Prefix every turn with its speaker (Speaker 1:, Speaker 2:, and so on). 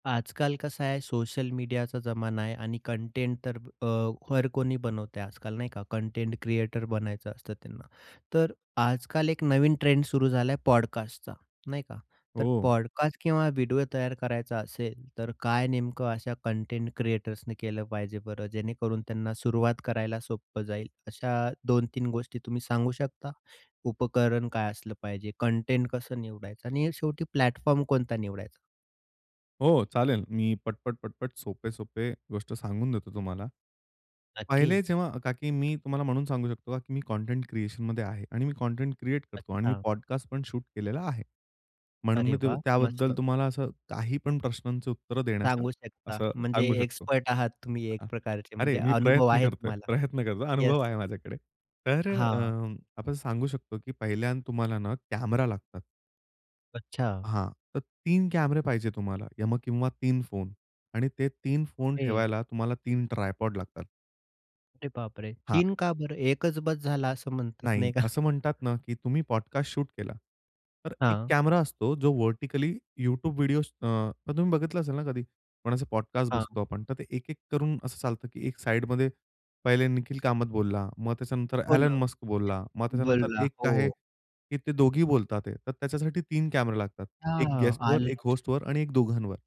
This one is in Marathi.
Speaker 1: आजकाल कसं आहे, सोशल मीडियाचा जमाना आहे आणि कंटेंट तर अ, हर कोणी बनवतय आजकाल, नाही का कंटेंट क्रिएटर बनायचं असतं त्यांना, तर आजकाल एक नवीन ट्रेंड सुरू झाला आहे पॉडकास्टचा नाही का. तर
Speaker 2: हो.
Speaker 1: पॉडकास्ट किंवा व्हिडिओ तयार करायचा असेल, तर काय नेमकं अशा कंटेंट क्रिएटर्सनी केलं पाहिजे बरं जेणेकरून त्यांना सुरुवात करायला सोपं जाईल. अशा दोन-तीन गोष्टी तुम्ही सांगू शकता? उपकरण काय असलं पाहिजे, कंटेंट कसं निवडायचं आणि शेवटी प्लॅटफॉर्म कोणता निवडायचा?
Speaker 2: हो चालेल, मी पटपट, पटपट सोपे-सोपे गोष्ट सांगून देतो तुम्हाला. पहिले
Speaker 1: नक्कीच.
Speaker 2: जेव्हा का, की मी तुम्हाला म्हणून सांगू शकतो का की मी कंटेंट क्रिएशनमध्ये आहे आणि मी कंटेंट क्रिएट करतो आणि मी
Speaker 1: अच्छा.
Speaker 2: पॉडकास्ट पण शूट केलेला आहे. म्हणून
Speaker 1: अरे
Speaker 2: मी तू
Speaker 1: वाह! मस्त.
Speaker 2: त्याबद्दल तुम्हाला असं काही पण प्रश्नांची उत्तर देण्याचं
Speaker 1: सांगू शकता
Speaker 2: असं
Speaker 1: म्हणजे
Speaker 2: सांगू शकतो.
Speaker 1: एक्सपर्ट आहात तुम्ही
Speaker 2: अ,
Speaker 1: एक प्रकारचे, म्हणजे
Speaker 2: अरे मी
Speaker 1: अनुभव
Speaker 2: प्रयत्न
Speaker 1: आहे
Speaker 2: करतोय,
Speaker 1: तुम्हाला
Speaker 2: प्रयत्न करतोय
Speaker 1: येस.
Speaker 2: अनुभव आहे माझ्याकडे. तर अ,
Speaker 1: हां.
Speaker 2: आपण सांगू शकतो की पहिल्यांदा तुम्हाला ना, कॅमेरा लागतात.
Speaker 1: अच्छा.
Speaker 2: हां. तर 3 कॅमेरे पाहिजे तुम्हाला या मग किंवा 3 फोन आणि ते 3 फोन
Speaker 1: ओके.
Speaker 2: ठेवायला तुम्हाला 3 ट्रायपॉड लागतात.
Speaker 1: अरे बापरे!
Speaker 2: हां.
Speaker 1: 3 का बरं 1च बस झाला असं म्हणतात
Speaker 2: नाही,
Speaker 1: नाही का?
Speaker 2: असं म्हणतात ना, की तुम्ही पॉडकास्ट शूट केला, तर 1
Speaker 1: हां.
Speaker 2: कॅमेरा असतो जो व्हर्टिकली YouTube व्हिडिओज अ, तुम्ही बघितलं असेल ना कधी कोणाचे पॉडकास्ट
Speaker 1: हां.
Speaker 2: बसतो आपण तर ते एक-एक करून असं चालतं की एक साइडमध्ये पहिले निखिल कामत बोलला, मग त्याच्यानंतर
Speaker 1: हो
Speaker 2: एलन
Speaker 1: ना.
Speaker 2: मस्क बोलला, मग त्याच्यानंतर
Speaker 1: बोलला,
Speaker 2: एक आहे
Speaker 1: हो.
Speaker 2: की ते दोघे बोलतात आहे तर त्याच्यासाठी 1 कॅमेरा लागतात, 1
Speaker 1: हां.
Speaker 2: गेस्टवर,
Speaker 1: आलं
Speaker 2: 1
Speaker 1: लक्षात.
Speaker 2: होस्टवर आणि 1 दोघांवर.